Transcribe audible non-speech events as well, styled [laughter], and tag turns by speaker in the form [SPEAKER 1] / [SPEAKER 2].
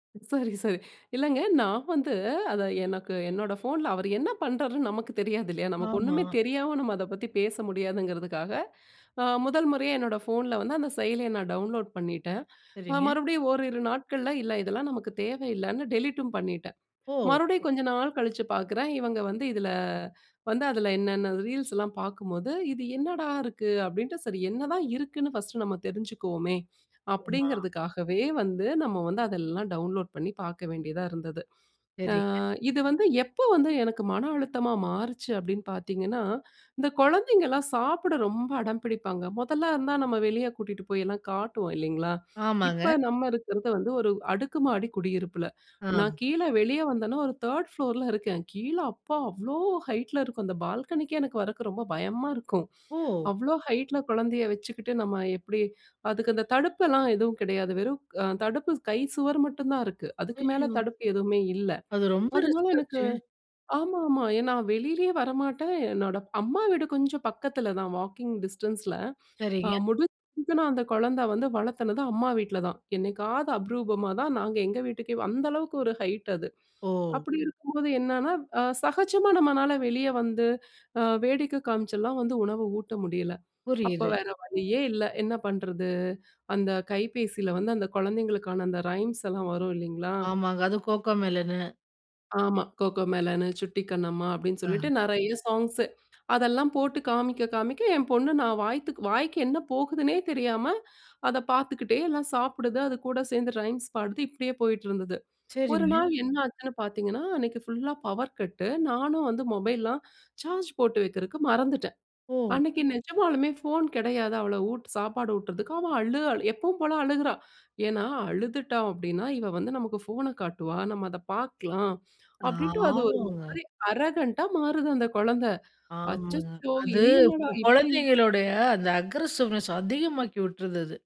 [SPEAKER 1] சரி, சரி. [chuckles] இல்லங்க நான் வந்து அத எனக்கு என்னோட போன்ல, அவரு என்ன பண்றாருன்னு நமக்கு தெரியாது இல்லையா? "நமக்கு
[SPEAKER 2] ஆமா.
[SPEAKER 1] ஒண்ணுமே தெரியாம நம்ம அதை பத்தி பேச முடியாதுங்கிறதுக்காக அ முதல் முறையா என்னோட ஃபோனில வந்து அந்த செயலிய நான் டவுன்லோட் பண்ணிட்டேன். அ
[SPEAKER 2] சரிங்க.
[SPEAKER 1] மறுபடியும் ஓரிரு நாட்கள்ல இல்ல இதெல்லாம் நமக்கு தேவையில்லன்னு டெலீட்ம் பண்ணிடேன்."
[SPEAKER 2] ஓ!
[SPEAKER 1] மறுபடியும் கொஞ்ச நாள் கழிச்சு பார்க்குறேன். இவங்க வந்து இதில வந்து அதில என்னன்ன ரீல்ஸ்லாம் பார்க்கும்போது, இது என்னடா இருக்கு அப்படின்ட்டு சரி என்னதான் இருக்குன்னு ஃபர்ஸ்ட் நம்ம தெரிஞ்சுக்குவோமே
[SPEAKER 2] ஆமா.
[SPEAKER 1] அப்படிங்கிறதுக்காகவே வந்து நம்ம வந்து அதெல்லாம் டவுன்லோட் பண்ணி பார்க்க வேண்டியதா இருந்தது. அ
[SPEAKER 2] சரிங்க.
[SPEAKER 1] இது வந்து எப்ப வந்து எனக்கு மன அழுத்தமா மாறுச்சு. அப்படின்னு பார்த்தீங்கன்னா, இந்த குழந்தைங்கலாம் சாப்பிட ரொம்ப அடம் பிடிப்பாங்க முதல்ல இருந்தா நம்ம வெளிய கூட்டிட்டு போய்லாம் காட்டுவோம், இல்லைங்களா!
[SPEAKER 2] ஆமாங்க.
[SPEAKER 1] இப்ப நம்ம இருக்கிறது வந்து ஒரு அடுக்கு மாடி குடியிருப்பில
[SPEAKER 2] ஆ.
[SPEAKER 1] நான் கீழே வெளிய வந்தேனா ஒரு 3ர்டு ஃப்ளோர்ல இருக்கேன். கீழே அப்பா அவ்ளோ ஹைட்ல இருக்கும் அந்த பால்கனிக்கே எனக்கு வரக்கு ரொம்ப பயமா இருக்கும்.
[SPEAKER 2] ஓ!
[SPEAKER 1] அவ்ளோ ஹைட்ல குழந்தையை வச்சுக்கிட்டு நம்ம எப்படி அதுக்கு அந்த தடுப்பெல்லாம் எதுவும் கிடையாது. வெறும் தடுப்பு கை சுவர் மட்டும் தான் இருக்கு. அதுக்கு மேல
[SPEAKER 2] ஐயோ.
[SPEAKER 1] தடுப்பு எதுவுமே இல்லை.
[SPEAKER 2] அது ரொம்ப
[SPEAKER 1] அதனால
[SPEAKER 2] ரிஸ்க்
[SPEAKER 1] எனக்கு
[SPEAKER 2] ஆச்சே.
[SPEAKER 1] ஆமாமா ஏ நான் வெளியிலேயே வரமாட்டேன். என்னோட அம்மா வீடு கொஞ்சம் பக்கத்தில தான் வாக்கிங் டிஸ்டன்ஸ்ல அ
[SPEAKER 2] சரிங்க.
[SPEAKER 1] முடிஞ்ச அந்த குழந்தை வந்து வளர்த்தினது அம்மா வீட்ல தான். என்னைக்காவது அபூர்வமா தான் நாங்க எங்க வீட்டுக்கே அந்த அளவுக்கு ஒரு ஹைட் அது.
[SPEAKER 2] ஓ!
[SPEAKER 1] அப்படி இருக்கும்போது என்னன்னா, அ சகஜமா நம்மனாள வெளியே வந்து, அ வேடிக்கை அ காமிச்செல்லாம் வந்து உணவு ஊட்ட முடியல. அப்போ
[SPEAKER 2] புரியுது.
[SPEAKER 1] வேறு வழியே இல்லை. என்ன பண்ணுறது அந்த கைபேசியில வந்து அந்த குழந்தைகளுக்கான அந்த ரைம்ஸ் எல்லாம் வரும் இல்லைங்களா?
[SPEAKER 2] ஆமாங்க அது கோக்கோ மெலன்னு.
[SPEAKER 1] ஆமா கோகோ மெலன், சுட்டி கண்ணம்மா அப்படின்னு
[SPEAKER 2] ஆ.
[SPEAKER 1] சொல்லிட்டு நிறைய சாங்ஸு அதெல்லாம் போட்டு காமிக்க காமிக்க என் பொண்ணு நான் வாய்த்த வாய்க்கு என்ன போகுதுன்னே தெரியாம அதை பார்த்துக்கிட்டே எல்லாம் சாப்பிடுது அது கூட சேர்ந்து ரைம்ஸ் பாடுது, இப்படியே போயிட்டிருந்தது. ஒரு
[SPEAKER 2] சரிங்க.
[SPEAKER 1] நாள் என்னாச்சுன்னு பார்த்தீங்கன்னா அன்னைக்கு ஃபுல்லா பவர் கட்டு நானும் வந்து மொபைல்லலாம் சார்ஜ் போட்டு வைக்கிறதுக்கு மறந்துட்டேன்.
[SPEAKER 2] ஓ!
[SPEAKER 1] அன்னைக்கு நிஜமாலுமே போன் கிடையாது. அவள உட் சாப்பாடு ஊட்டுவதற்கு அவ அழு, எப்போவும் போல அழுகுறா. ஏன்னா அழுதுட்டான் அப்படின்னா இவள் வந்து நமக்கு ஃபோன காட்டுவா. நம்ம அதை பார்க்கலாம், அப்படின்னு அது ஒரு
[SPEAKER 2] ஆமாங்க.
[SPEAKER 1] மாதிரி அரகன்ட்டா மாறுது அந்த குழந்தை.
[SPEAKER 2] ஆமாங்க.
[SPEAKER 1] அச்சச்சோ
[SPEAKER 2] அது
[SPEAKER 1] இது
[SPEAKER 2] கு
[SPEAKER 1] என்னடா இப்படி
[SPEAKER 2] குழந்தைங்களுடைய அந்த அக்ரசிவ்னஸ் அதிகமாக்கி விட்டுருது அது.